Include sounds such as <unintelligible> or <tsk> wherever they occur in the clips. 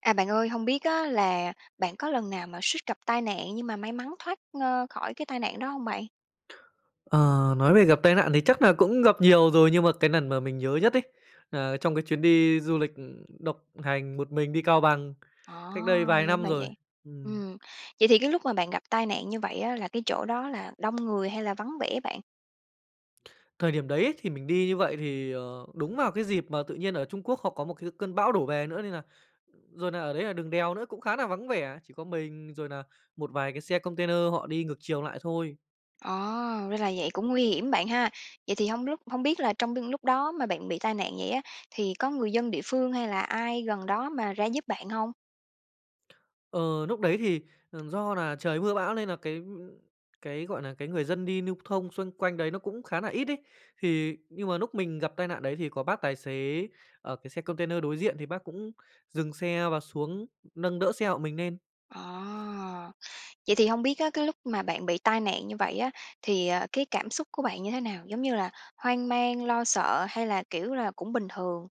À, bạn ơi. Hông biết á là bạn có lần nào mà suýt gặp tai nạn, nhưng mà may mắn thoát, ơ, khỏi cái tai nạn đó hông bạn? Ờ, nói về gặp tai nạn thì chắc là cũng gặp nhiều rồi, nhưng mà cái nần mà mình nhớ nhất ấy, nà trong cái chuyến đi du lịch độc hành một mình đi Cao Bằng Ồ, cách đây vài năm ra rồi. vậy. Ừm. Ừm, vậy thì cái lúc mà bạn gặp tai nạn như vậy á là cái chỗ đó là đông người hay là vắng vẻ bạn? Thời điểm đấy ấy, thì mình đi như vậy thì, ờ, đúng vào cái dịp mà tự nhiên ở Trung Quốc họ có một cái cơn bão đổ về nữa, nên là rồi nà ở đấy là đường đèo nữa cũng khá nà vắng vẻ. Chỉ có mình rồi nà một vài cái xe container họ đi ngược chiều lại thôi. Ồ, ra là vậy, cũng nguy hiểm bạn ha. Vậy thì hông lúc hông biết là trong tương lúc đó mà bạn bị tai nạn vậy á, thì có người dân địa phương hay là ai gần đó mà ra giúp bạn hông? Ờ, núc đấy thì, ờ, do là trời mưa bão nên là cái, ưm, cái, gọi nà, cái người dân đi lưu thông xung quanh đấy nó cũng khá nà ít ấy. Thì nhưng mà lúc mình gặp tai nạn đấy thì có bác tài xế, ờ, cái xe container đối diện thì bác cũng dừng xe và xuống, nâng đỡ xe hộ mình nên. Ồ. Vậy thì hông biết á, cái lúc mà bạn bị tai nạn như vậy á, thì, ờ, cái cảm xúc của bạn như thế nào? Giống như là hoang mang, lo sợ hay là, kiểu là, cũng bình thường?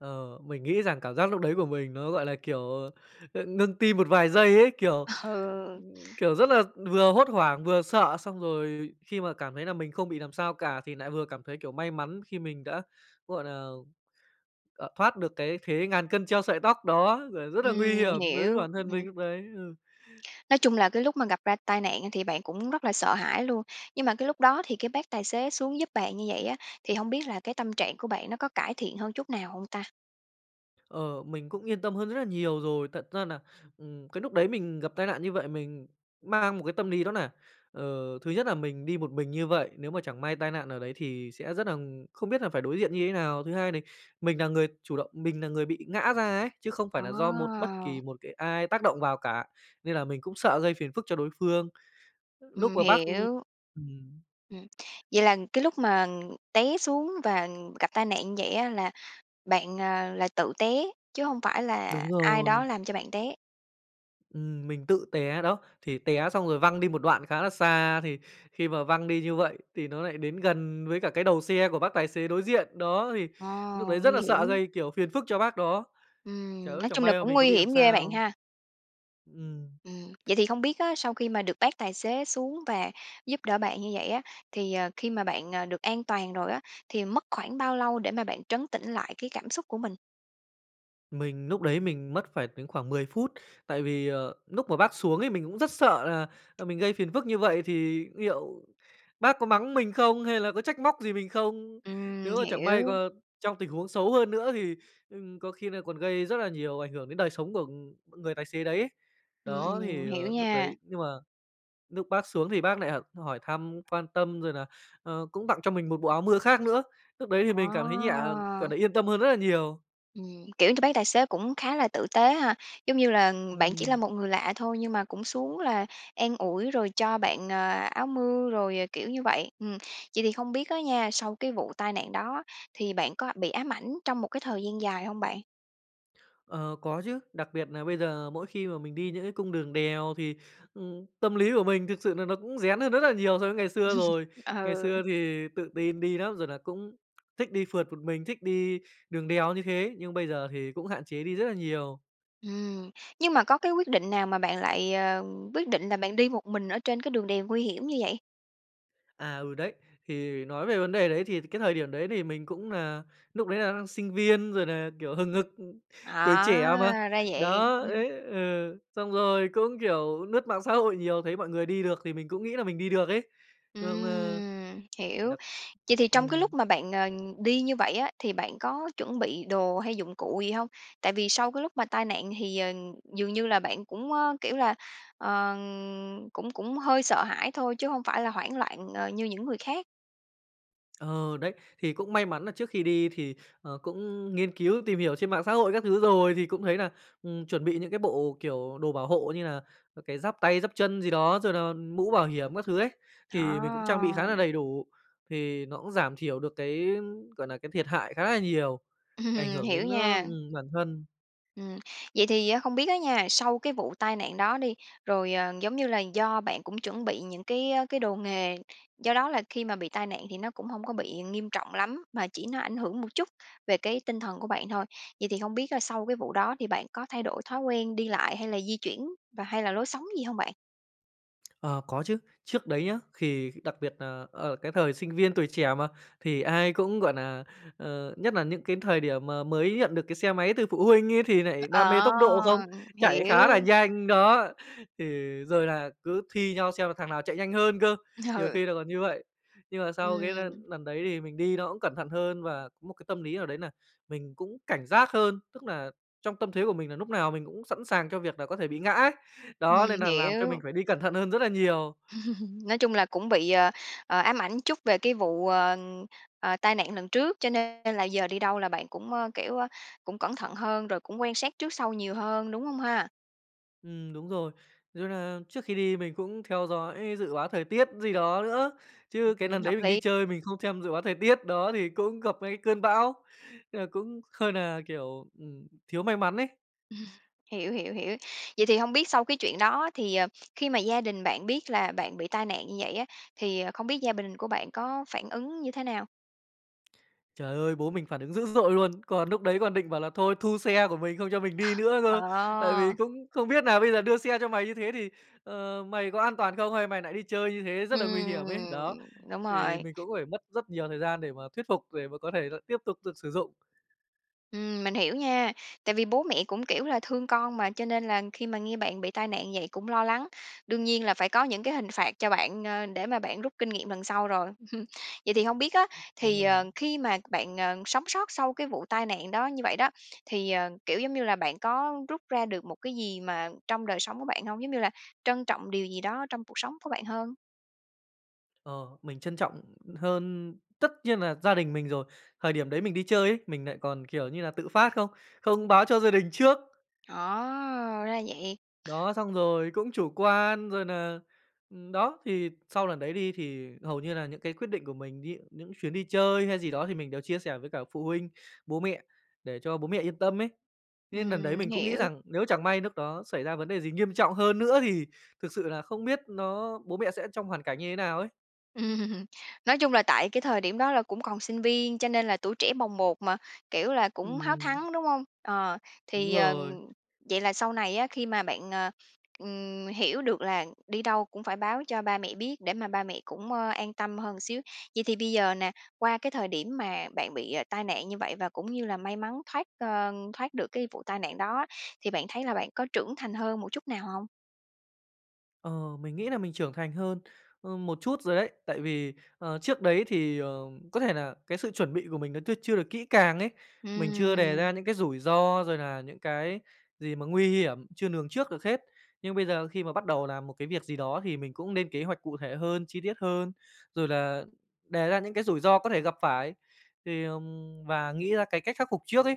Ờ, mình nghĩ rằng cảm giác lúc đấy của mình nó, gọi là, kiểu, ờ, ng ngưng tim một vài giây ấy! Kiểu Ừ. kiểu, rất là vừa hốt hoảng, vừa sợ, xong rồi khi mà cảm thấy là mình không bị làm sao cả, thì lại vừa cảm thấy, kiểu, may mắn khi mình đã, gọi nà, ờ, thoát được cái thế ngàn cân treo sợi tóc đó, r rất là nguy Ừm, hiểm đối với hiểu. bản thân Ừm. mình lúc đấy. Ừ. Nói chung là cái lúc mà gặp ra tai nạn á, thì bạn cũng rất là sợ hãi luôn. Nhưng mà cái lúc đó thì cái bác tài xế xuống giúp bạn như vậy á, thì hông biết là cái tâm trạng của bạn nó có cải thiện hơn chút nào hông ta? Ờ, mình cũng yên tâm hơn rất là nhiều rồi. Thật ra nà, ừm, cái lúc đấy mình gặp tai nạn như vậy, mình mang một cái tâm lý nó nà, ờ, thứ nhất là mình đi một mình như vậy, nếu mà chẳng may tai nạn ở đấy thì sẽ rất nà không biết là phải đối diện như thế nào. Thứ hai đì mình là người chủ động, mình là người bị ngã ra ấy, chứ không phải nà do một bất kỳ À. một cái ai tác động vào cả, nên là mình cũng sợ gây phiền phức cho đối phương, núc Ừm, mà bác, ưm hiểu. ừm. Ừm, vậy là cái lúc mà, ừm, té xuống và, ừm, gặp tai nạn vậy á, là bạn, ờ, là tự té, chứ hông phải là Đúng ai đó rồi. làm cho bạn té? Ừm, mình tự té đó. Thì té xong rồi văng đi một đoạn khá là xa, thì khi mà văng đi như vậy thì nó nại đến gần với cả cái đầu xe của bác tài xế đối diện. Đó, thì Ờ, núc đấy rất nguy là sợ hiểm. gây, kiểu, phiền phức cho bác đó, chả Ừm, nói chẳng chung là may mà cũng mình có nguy bị làm hiểm ghê bạn sao. ha. Ừm. Ừm, vậy thì không biết á, sau khi mà được bác tài xế xuống và giúp đỡ bạn như vậy á, thì, ờ, khi mà bạn, à, được an toàn rồi á, thì mất khoảng bao lâu để mà bạn trấn tĩnh lại cái cảm xúc của mình? Mình núc đấy mình mất phải đến khoảng 10 phút. Tại vì, ờ, núc mà bác xuống ấy, mình cũng rất sợ là, ờ, mình gây phiền phức như vậy thì niệu bác có mắng mình không hay là có trách móc gì mình không. Ừm, Nếu mà chẳng may g hiểu. trong tình huống xấu hơn nữa thì, ừm, có khi nà còn gây rất là nhiều ảnh hưởng đến đời sống của, ừm, người tài xế đấy ấy. Ừm, Đó, ừm, thì, hiểu ờ, lúc nha. đấy nhưng mà núc bác xuống thì bác nại h hỏi thăm, quan tâm rồi là, ờ, cũng tặng cho mình một bộ áo mưa khác nữa. Lúc đấy thì mình cảm thấy nhẹ À. cảm thấy yên tâm hơn rất là nhiều. Ừm, kiểu t bác tài xế cũng khá là tử tế ha. Giống như là, bạn chỉ là Ừm. một người lạ thôi nhưng mà cũng xuống là an ủi rồi cho bạn, ờ, áo mưa rồi, ờ, kiểu như vậy. Ừm, vậy thì không biết á nha, sau cái vụ tai nạn đó thì bạn có bị ám ảnh trong một cái thời gian dài hông bạn? Ờ, có chứ. Đặc biệt nà bây giờ mỗi khi mà mình đi những cái cung đường đèo thì, ừm, tâm lý của mình thực sự nà nó cũng rén hơn rất là nhiều so với ngày xưa <laughs> rồi. Ngày Ừ. xưa thì tự tin đi nắm, rồi là cũng thích đi phượt một mình, thích đi đường đèo như thế, nhưng bây giờ thì cũng hạn chế đi rất là nhiều. Ừm. Nhưng mà có cái quyết định nào mà bạn lại, ờ, quyết định là bạn đi một mình ở trên cái đường đèo nguy hiểm như vậy? À, ừ, đấy. Thì nói về vấn đề đấy thì cái thời điểm đấy thì mình cũng nà núc đấy là đang sinh viên, rồi nà, kiểu, hừng hực, tuổi trẻ mà. À. Ra vậy. Đó, <chuckles> đấy ừ, xong rồi cũng, kiểu, lướt mạng xã hội nhiều, thấy mọi người đi được thì mình cũng nghĩ là mình đi được ấy. Xong, ơ, Ừm. Hiểu. được Vậy thì trong cái ừm. lúc mà bạn, ờ, đi như vậy á, thì bạn có chuẩn bị đồ hay dụng cụ gì hông? Tại vì sau cái lúc mà tai nạn thì, ờ, dường như là bạn cũng, ơ, kiểu là, ờ, cũng cũng hơi sợ hãi thôi chứ hông phải là hoảng loạn, ơ, như những người khác. Ờ, đấy. Thì cũng may mắn là trước khi đi thì, ờ, cũng nghiên cứu tìm hiểu trên mạng xã hội các thứ rồi. Thì cũng thấy nà, ừm, chuẩn bị những cái bộ, kiểu, đồ bảo hộ như là, à, cái giáp tay, giáp chân gì đó, rồi là mũ bảo hiểm các thứ ấy, thì mình cũng trang bị khá là À. đầy đủ, thì nó cũng giảm thiểu được cái, gọi nà, cái thiệt hại khá là nhiều, ảnh Ừm. hưởng Hiểu đến á nha. ừm, bản thân. Ừm. Vậy thì á không biết á nha, sau cái vụ tai nạn đó đi, rồi, ờ, giống như là, do bạn cũng chuẩn bị những cái, ơ, cái đồ nghề, do đó là khi mà bị tai nạn thì nó cũng hông có bị nghiêm trọng lắm, mà chỉ nó ảnh hưởng một chút về cái tinh thần của bạn thôi. Vậy thì hông biết là sau cái vụ đó thì bạn có thay đổi thói quen đi lại hay là di chuyển và hay là lối sống gì hông bạn? Ờ, có chứ, trước đấy nhá thì đặc biệt nà ở cái thời sinh viên, tuổi trẻ mà, thì ai cũng, gọi nà, ờ, nhất nà những cái thời điểm mà mới nhận được cái xe máy từ phụ huynh ấy, thì Ơ, nại đam mê tốc độ không? ờ, ừ, Chạy khá là hiểu. nhanh đó, thì rồi là cứ thi nhau xem là thằng nào chạy nhanh hơn cơ, nhiều Ừ. khi là còn như vậy. Nhưng mà sau cái l Ừm. lần đấy thì mình đi nó cũng cẩn thận hơn và có một cái tâm lý nào đấy nà mình cũng cảnh giác hơn, tức nà trong tâm thế của mình nà núc nào mình cũng sẵn sàng cho việc là có thể bị ngã. Đó, nên Ừm, nà làm cho mình hiểu. phải đi cẩn thận hơn rất là nhiều. <laughs> Nói chung là cũng bị, ờ, ờ, ám ảnh chút về cái vụ, ờ, ờ, tai nạn lần trước, cho nên là giờ đi đâu là bạn cũng, ơ, kiểu, ơ, cũng cẩn thận hơn, rồi cũng quan sát trước sau nhiều hơn, đúng hông ha? Ừm, đúng rồi, <unintelligible> là trước khi đi mình cũng theo dõi dự báo thời tiết gì đó nữa, Ừ, chứ cái lần ừm, đấy hợp mình đi lý! chơi mình không xem dự báo thời tiết đó thì cũng gặp ngay cái cơn bão, nên là cũng hơi nà, kiểu, ừm, thiếu may mắn ấy. <chuckles> Hiểu, hiểu, hiểu. Vậy thì hông biết sau cái chuyện đó thì, ờ, khi mà gia đình bạn biết là bạn bị tai nạn như vậy á, thì không biết gia bình của bạn có phản ứng như thế nào? <tsk> Trời ơi, bố mình phản ứng dữ dội luôn! Còn núc đấy còn định bảo là thôi thu xe của mình, không cho mình đi <chuckles> nữa cơ. Tại vì Ờ. cũng không biết nà "Bây giờ đưa xe cho mày như thế thì, ờ, mày có an toàn không, hay mày nại đi chơi như thế, rất là nguy hiểm ấy." Ừm. Đó! Đúng Thì rồi. mình cũng phải mất rất nhiều thời gian để mà thuyết phục, để mà có thể lại tiếp tục được sử dụng. Ừm, mình hiểu nha. Tại vì bố mẹ cũng, kiểu là, thương con mà, cho nên là khi mà nghe bạn bị tai nạn vậy cũng lo lắng. Đương nhiên là phải có những cái hình phạt cho bạn, ơ, để mà bạn rút kinh nghiệm lần sau rồi. <chuckles> Vậy thì hông biết á, thì, Ừm. ờ, khi mà bạn, ờ, sống sót sau cái vụ tai nạn đó như vậy đó, thì, ờ, kiểu, giống như là, bạn có rút ra được một cái gì mà trong đời sống của bạn hông? Giống như là trân trọng điều gì đó trong cuộc sống của bạn hơn? Ờ, mình trân trọng hơn tất nhiên là gia đình mình rồi. Thời điểm đấy mình đi chơi ấy, mình nại còn, kiểu như là, tự phát, không không báo cho gia đình trước. Ồ, ra vậy! Đó, xong rồi cũng chủ quan, rồi nà ừm, đó, thì sau lần đấy đi thì hầu như là những cái quyết định của mình, ví dụ những chuyến đi chơi hay gì đó thì mình đều chia sẻ với cả phụ huynh, bố mẹ, để cho bố mẹ yên tâm ấy. Nên lần đấy Ừm, mình cũng nghĩ hiểu. rằng, nếu chẳng may núc đó xảy ra vấn đề gì nghiêm trọng hơn nữa thì thực sự là không biết nó bố mẹ sẽ trong hoàn cảnh như thế nào ấy. Ừm, nói chung là tại cái thời điểm đó là cũng còn sinh viên, cho nên là tuổi trẻ bồng bột mà, kiểu, là cũng háo Ừm. thắng, đúng hông? Ờ, Đúng thì, ờ, rồi. vậy là sau này á, khi mà bạn, ờ, ừm, hiểu được là đi đâu cũng phải báo cho ba mẹ biết để mà ba mẹ cũng, ơ, an tâm hơn xíu. Vậy thì bây giờ nè, qua cái thời điểm mà bạn bị tai nạn như vậy và cũng như là may mắn thoát ơ, thoát được cái vụ tai nạn đó, thì bạn thấy là bạn có trưởng thành hơn một chút nào hông? Ờ, mình nghĩ là mình trưởng thành hơn, ơ, một chút rồi đấy. Tại vì, ờ, trước đấy thì, ờ, có thể là cái sự chuẩn bị của mình nó chưa chưa được kỹ càng ấy. Mình chưa đề Ừm. ra những cái rủi ro, rồi là những cái gì mà nguy hiểm, chưa lường trước được hết. Nhưng bây giờ khi mà bắt đầu làm một cái việc gì đó, thì mình cũng nên kế hoạch cụ thể hơn, chi tiết hơn. Rồi là đề ra những cái rủi ro có thể gặp phải, thì, ờm, và nghĩ ra cái cách khắc phục trước ấy.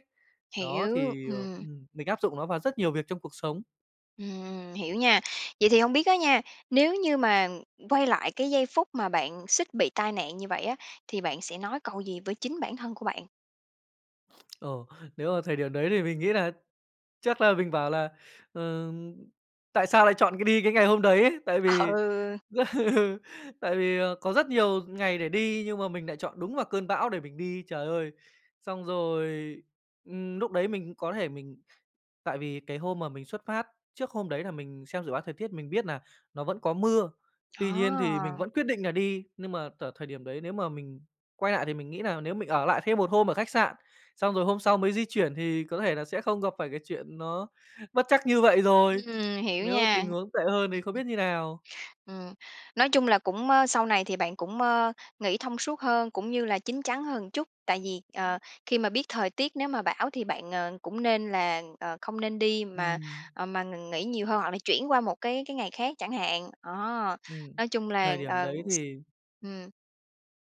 Đó, Hiểu, thì, ờ, ừm. ừm, mình áp dụng nó vào rất nhiều việc trong cuộc sống. Ừm, hiểu nha. Vậy thì không biết á nha, nếu như mà quay lại cái giây phút mà bạn suýt bị tai nạn như vậy á, thì bạn sẽ nói câu gì với chính bản thân của bạn? <smacks lips> Ồ, nếu mà thời điểm đấy thì mình nghĩ nà, chắc nà mình bảo là, ừm, "Tại sao lại chọn đi cái ngày hôm đấy?" ấy. Tại Ờ, vì ừ. ừ, tại vì có rất nhiều ngày để đi nhưng mà mình nại chọn đúng vào cơn bão để mình đi. Trời ơi! Xong rồi, ưm, núc đấy mình có thể mình tại vì cái hôm mà mình xuất phát, trước hôm đấy là mình xem dự báo thời tiết mình biết nà nó vẫn có mưa, tuy nhiên thì mình À. vẫn quyết định nà đi, nhưng mà tở thời điểm đấy, nếu mà mình quay nại thì mình nghĩ nà nếu mình ở lại thêm một hôm ở khách sạn, xong rồi hôm sau mới di chuyển thì có thể là sẽ không gặp phải cái chuyện nó bất trắc như vậy rồi. Ừm, hiểu Nếu nha. tình huống tệ hơn thì không biết như nào. Ừm, nói chung là cũng ơ, sau này thì bạn cũng, ơ, nghĩ thông suốt hơn, cũng như là chín chắn hơn một chút. Tại vì, ờ, khi mà biết thời tiết, nếu mà bão thì bạn, ờ, cũng nên là, ờ, không nên đi mà, Ừm. ờ, m mà nghỉ nhiều hơn hoặc là chuyển qua một cái cái ngày khác chẳng hạn. Đó, Ừm, nói chung là, thời điểm ờ đấy thì ừm,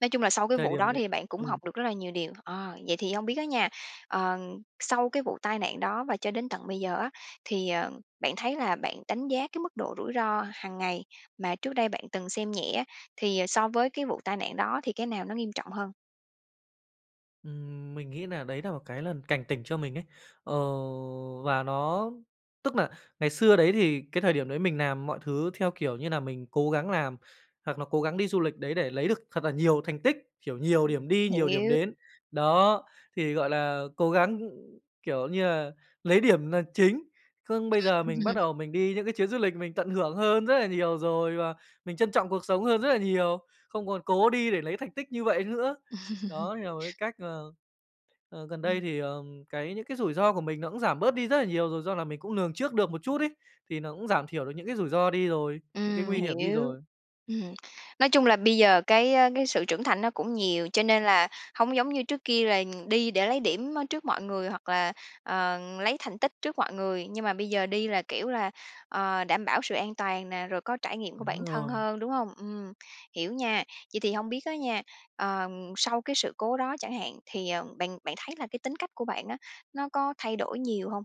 nói chung là sau cái Thời vụ điểm đó đấy thì bạn cũng ừm. học được rất là nhiều điều. Ờ, vậy thì hông biết á nha, ờ, sau cái vụ tai nạn đó và cho đến tận bây giờ á, thì, ờ, bạn thấy là bạn đánh giá cái mức độ rủi ro hằng ngày mà trước đây bạn từng xem nhẹ á, thì so với cái vụ tai nạn đó thì cái nào nó nghiêm trọng hơn? Ừm, mình nghĩ nà đấy nà một cái lần cảnh tỉnh cho mình ấy. Ờ, và nó tức nà ngày xưa đấy, thì cái thời điểm đấy mình làm mọi thứ theo, kiểu như nà, mình cố gắng làm, hoặc là cố gắng đi du lịch đấy để lấy được thật là nhiều thành tích, kiểu, nhiều Ưm, điểm đi, nhiều điểm hiểu. đến. Đó, thì, gọi là, cố gắng, kiểu như là, lấy điểm là chính. Khương bây giờ Ừm. mình bắt <laughs> đầu mình đi những cái chuyến du lịch mình tận hưởng hơn rất là nhiều rồi và mình trân trọng cuộc sống hơn rất là nhiều, không còn cố đi để lấy thành tích như vậy nữa. <laughs> Đó, thì là một cái cách, ờ, ờ, gần đây Ừm. thì, ờm, cái những cái rủi ro của mình nó cũng giảm bớt đi rất là nhiều rồi do là mình cũng lường trước được một chút ấy. Thì nó cũng giảm thiểu được những cái rủi ro đi rồi, những cái Ừm, nguy hiểm đi hiểu. rồi. Ừm, nói chung là bây giờ cái, ơ, cái sự trưởng thành nó cũng nhiều, cho nên là hông giống như trước kia là, ưm, đi để lấy điểm, ơ, trước mọi người hoặc là, ờ, lấy thành tích trước mọi người, nhưng mà bây giờ đi là, kiểu là, ờ, đảm bảo sự an toàn nè, rồi có trải nghiệm của Đúng bản thân rồi. hơn, đúng hông? Ừm, hiểu nha. Vậy thì hông biết á nha, ờm, sau cái sự cố đó chẳng hạn thì, ờ, bạn bạn thấy là cái tính cách của bạn á, nó có thay đổi nhiều hông?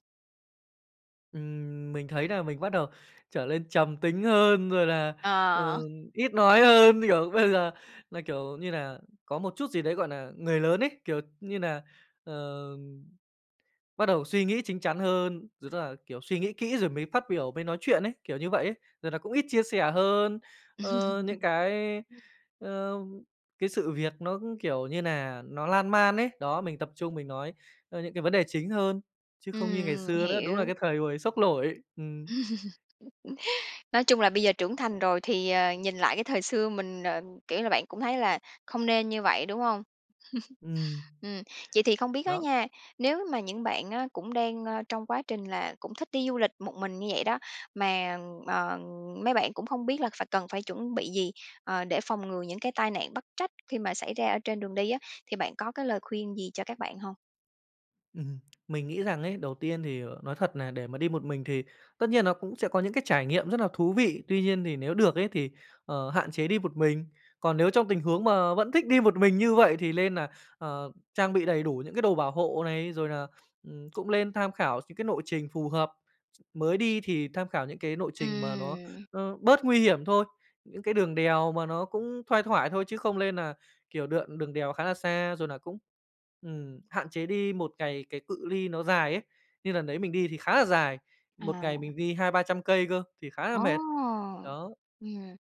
Ừm, mình thấy nà mình bắt đầu trở lên trầm tính hơn, rồi là, ờ, Ờ. ít nói hơn. Kiểu, bây giờ là, kiểu như là, có một chút gì đấy, gọi nà, người lớn ấy, kiểu như nà, ờ, bắt đầu suy nghĩ chính chắn hơn, rồi tức là, kiểu, suy nghĩ kỹ rồi mới phát biểu, mới nói chuyện ấy, kiểu như vậy ấy. Rồi nà cũng ít chia sẻ hơn, ơ, những cái, <laughs> ơ, cái sự việc nó cũng, kiểu như nà, nó lan man ấy. Đó, mình tập trung mình nói, ơ, những cái vấn đề chính hơn, chứ không như ngày Ừm. xưa nữa. Đúng là Hiểu. cái thời hồi xốc nổi, ừm. <laughs> Nói chung là bây giờ trưởng thành rồi thì, ờ, nhìn lại cái thời xưa mình ờ, kiểu là, bạn cũng thấy là không nên như vậy, đúng hông? <laughs> Ừm. Ừm. Vậy thì không biết á Đó. nha, nếu mà những bạn á cũng đang, a, trong quá trình là cũng thích đi du lịch một mình như vậy đó, mà, ờ, mấy bạn cũng không biết là phải cần phải chuẩn bị gì, ờ, để phòng ngừa những cái tai nạn bất trách khi mà xảy ra ở trên đường đi á, thì bạn có cái lời khuyên gì cho các bạn hông? Ừm, mình nghĩ rằng ấy, đầu tiên thì nói thật nà để mà đi một mình thì tất nhiên nó cũng sẽ có những cái trải nghiệm rất là thú vị, tuy nhiên thì nếu được ấy, thì, ờ, hạn chế đi một mình. Còn nếu trong tình huống mà vẫn thích đi một mình như vậy thì lên nà, ờ, trang bị đầy đủ những cái đồ bảo hộ này, rồi nà, ừm, cũng lên tham khảo x những cái lộ trình phù hợp. Mới đi thì tham khảo những cái nộ trình mà nó Ừm. nó bớt nguy hiểm thôi, những cái đường đèo mà nó cũng thoai thoải thôi, chứ không lên nà kiểu đường- đường đèo khá là xa. Rồi là cũng, ừm, hạn chế đi một ngày cái cự ly nó dài ấy. Như lần đấy mình đi thì khá là dài, một ngày À. mình đi 200-300 cây cơ, thì khá là Ồ! mệt, đó. Ừm.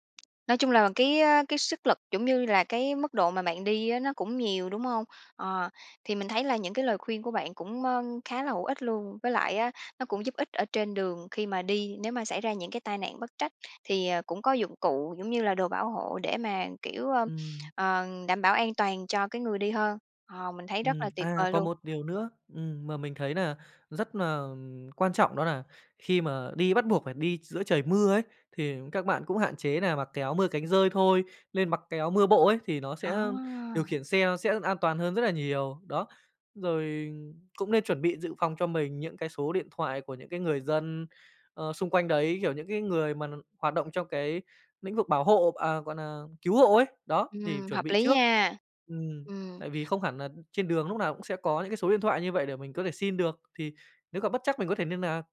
Nói chung là cái, ơ, cái sức lực cũng như là cái mức độ mà bạn đi á nó cũng nhiều, đúng hông? Ờ. Thì mình thấy là những cái lời khuyên của bạn cũng, ơ, khá là hữu ích luôn, với lại á, nó cũng giúp ích ở trên đường khi mà đi nếu mà xảy ra những cái tai nạn bất trách thì, ờ, cũng có dụng cụ giống như là đồ bảo hộ để mà kiểu, ơ, Ừm. ờ, đảm bảo an toàn cho cái người đi hơn. Ờ, mình thấy rất Ừm, là tuyệt à, vời còn luôn. một điều nữa, ừm, mà mình thấy nà rất nà, ừm, quan trọng đó là khi mà đi bắt buộc phải đi giữa trời mưa ấy, thì các bạn cũng hạn chế nà mặc cái áo mưa cánh dơi thôi. Lên mặc cái áo mưa bộ ấy, thì nó À! sẽ điều khiển xe sẽ an toàn hơn rất là nhiều, đó. Rồi cũng nên chuẩn bị dự phòng cho mình những cái số điện thoại của những cái người dân, ờ, xung quanh đấy, kiểu, những cái người mà n hoạt động trong cái lĩnh vực bảo hộ à, gọi nà, cứu hộ ấy. Đó, thì Ừm, chuẩn hợp bị lý trước. nha! Ừm, Ừm. tại vì không hẳn là trên đường lúc nào cũng sẽ có những cái số điện thoại như vậy để mình có thể xin được, thì nếu gặp bất trắc mình có thể niên nạc.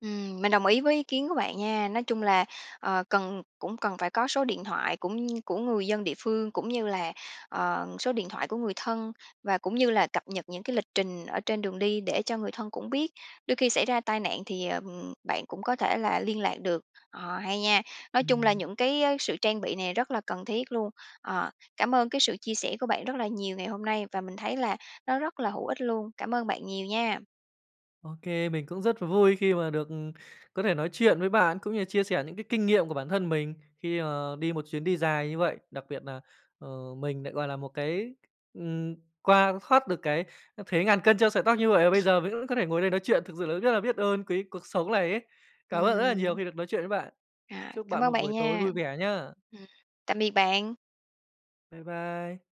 Ừm, mình đồng ý với ý kiến của bạn nha. Nói chung là, ờ, cần cũng cần phải có số điện thoại cũng của người dân địa phương cũng như là, ờ, số điện thoại của người thân và cũng như là cập nhật những cái lịch trình ở trên đường đi để cho người thân cũng biết. Đôi khi xảy ra tai nạn thì, ờ, ừm, bạn cũng có thể là liên lạc được. Ờ, hay nha! Nói chung là Ừm. những cái á, sự trang bị này rất là cần thiết luôn. Ờ, cảm ơn cái sự chia sẻ của bạn rất là nhiều ngày hôm nay và mình thấy là nó rất là hữu ích luôn. Cảm ơn bạn nhiều nha! OK. Mình cũng rất vui khi mà được, ừm, có thể nói chuyện với bạn cũng như chia sẻ những cái kinh nghiệm của bản thân mình khi, ờ, đi một chuyến đi dài như vậy. Đặc biệt nà, ờ, mình nại, gọi là, một cái ừm, qua thoát được cái thế ngàn cân treo sợi tóc như vậy và bây giờ mới có thể ngồi đây nói chuyện. Thực sự là rất là biết ơn, quý cuộc sống này ấy. Cảm ơn bạn rất là nhiều Ừm. khi được nói chuyện với bạn. À, Chúc cảm bạn ơn một bạn buổi tối nha! vui vẻ nhá! Ừm, tạm biệt bạn! Bye bye!